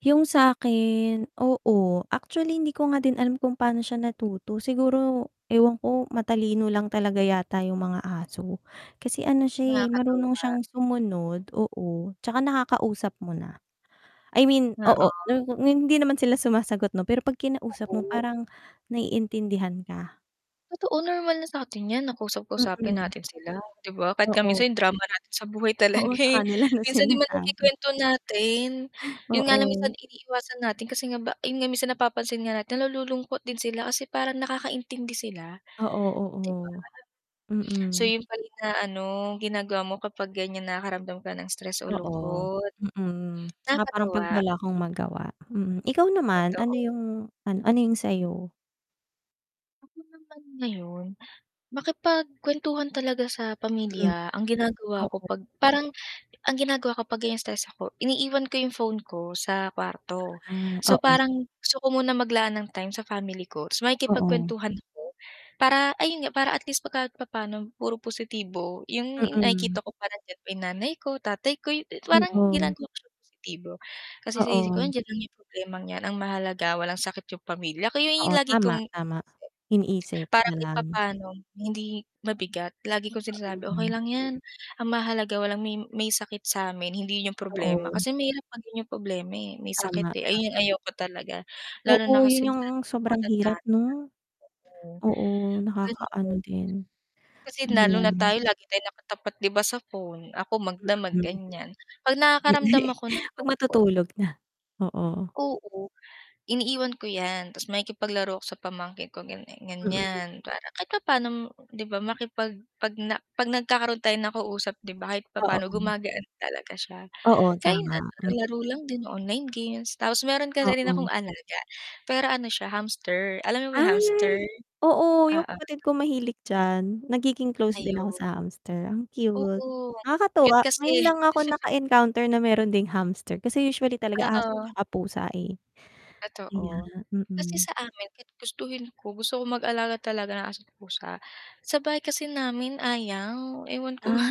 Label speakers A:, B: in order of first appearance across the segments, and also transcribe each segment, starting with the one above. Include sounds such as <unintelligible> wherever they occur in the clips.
A: Yung sa akin, oo, actually hindi ko nga din alam kung paano siya natuto siguro ewan ko, matalino lang talaga yata yung mga aso. Kasi ano siya eh, marunong
B: Nakakatuwa.
A: siyang sumunod oo 'tsaka nakakausap mo na. I mean oo
B: Oo.
A: n hindi naman sila sumasagot 'no pero pag
B: Ha
A: kinausap mo
B: on
A: parang naiintindihan ka.
B: Totoo normal na satin yan na kausap-kausapin
A: Mhm.
B: natin sila di ba, kahit nga
A: Oo.
B: minsan yung drama natin sa buhay talaga
A: Oo sa
B: eh,
A: kanila na
B: minsan di ba
A: sinasabi.
B: nake-kwento natin? Yun nga lang minsan
A: Oo.
B: iniiwasan natin kasi nga ba yun nga minsan napapansin nga natin nalululungkot din sila kasi parang nakakaintindi sila.
A: Oo,
B: Di ba?
A: oo.
B: So
A: Mm.
B: yun pala yung inaano, ginagawa mo kapag ganyan nakakaramdam ka ng stress o
A: Oo,
B: lungkot.
A: mhm, 'tsaka parang 'pag
B: Nakakatuwa.
A: wala akong magawa, hmm, ikaw naman, ano
B: Totoo.
A: yung, an ano yung sayo?
B: Kasi naman ngayon, makipag-kwentuhan talaga sa
A: Hmm.
B: pamilya ang ginagawa ko
A: Oo.
B: 'pag parang ang ginagawa ko pag ganyang stress ako iniiwan ko yung phone ko sa kwarto.
A: Ah,
B: So
A: oo.
B: parang, gusto ko muna maglaan ng time sa family ko ta's
A: Oo.
B: makikipag-kwentuhan ako para, ayun nga para at least pag kahit papaano puro positibo yung
A: Mhm.
B: nakikita ko pa nandiyan pa 'yung nanay ko, tatay ko, parang
A: Oo.
B: ginagawa ko siyang positibo, kasi sa isip ko
A: Oo.
B: andiyan lang yung problemang 'yan ang mahalaga walang sakit yung pamilya ko ayun
A: Oo
B: yung lagi
A: tama,
B: kong iniisip
A: tama. Iniisip
B: para kahit
A: nalang.
B: papaano hindi mabigat lagi kong sinasabi, "Okey
A: Mm.
B: lang yan, ang mahalaga walang may may sakit samin hindi yun problema."
A: Oo.
B: Kasi mahirap maging yung problema eh, may sakit
A: Tama,
B: eh, ayun yung
A: tama.
B: ayoko talaga, lalo
A: Oo
B: na
A: 'yun
B: kasi yung
A: 'yung
B: nanay mo
A: sobrang
B: matanda
A: hirap
B: na,
A: 'no?
B: oo.
A: Oo
B: Kasi po
A: nakaka-ano din,
B: kasi lalo na
A: ayan.
B: tayo lagi tayong nakatapat di ba sa phone, ako magdamag
A: Mhm,
B: ganyan. 'Pag
A: Hindi
B: nakakaramdam ako ng
A: 'pag
B: lungkot
A: matutulog na, oo.
B: oo iniiwan ko yan ta's makikipag-laro ako sa pamangkin ko ganyan
A: Mm.
B: ganyan para kahit papaano 'di ba makipag 'pag na 'pag nagkakaroon tayo ng kausap 'di ba kahit papaano
A: Oo.
B: gumagaan talaga siya?
A: Oo tama,
B: <unintelligible>
A: mm.
B: laro lang din online games tapos meron kasi rin akong
A: Oo.
B: alaga, pero ano siya hamster, alam mo ba yung hamster?
A: Ay, oo yung
B: Oo.
A: kapatid ko mahilig diyan, nagiging close din ako sa
B: Ayun.
A: hamster ang cute.
B: Oo. Kahit
A: Nakakatuwa, ngayon
B: kasi
A: lang ako
B: <chuckles>
A: naka-encounter na meron ding hamster kasi usually aso
B: Oo.
A: 'tsaka pusa eh. Kaya
B: Totoo. Kasi
A: mm.
B: sa amin kahit gustuhin ko, gusto ko mag-alaga talaga ng aso't pusa, sa bahay kasi namin ayaw ewan ko
A: Ah,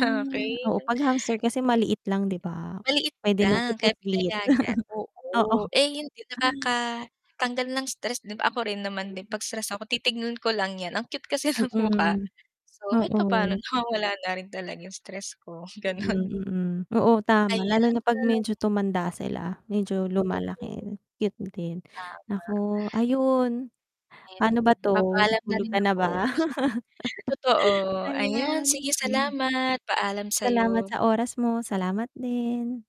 A: oo pag hamster kasi maliit lang di ba?
B: Maliit
A: Pwede nang
B: lang kaya
A: ipuslit
B: pinayagan
A: <chuckles> oo.
B: oo, eh, hindi nakaka-tanggal ng stress din, ako rin naman din
A: <unintelligible>
B: 'pag stress ako titignan ko lang yan, ang cute kasi ng mukha.
A: Mm,
B: So kahit papaano
A: oo.
B: nawawala na rin talaga yung stress ko,
A: Mm,
B: ganun.
A: mm, oo tama lalo na
B: Ayan.
A: 'pag medyo tumanda sila, medyo
B: Totoo.
A: lumalaki, cute din.
B: Tama.
A: Nako, ayun,
B: Ayan,
A: pano ba 'to,
B: papaalam na
A: tulog
B: rin
A: ka na ba?
B: ako. <chuckles> Totoo,
A: <laughs>
B: ayan
A: Ayan,
B: sige
A: hmm.
B: salamat, paalam
A: Salamat
B: sayo.
A: sa oras mo, salamat din.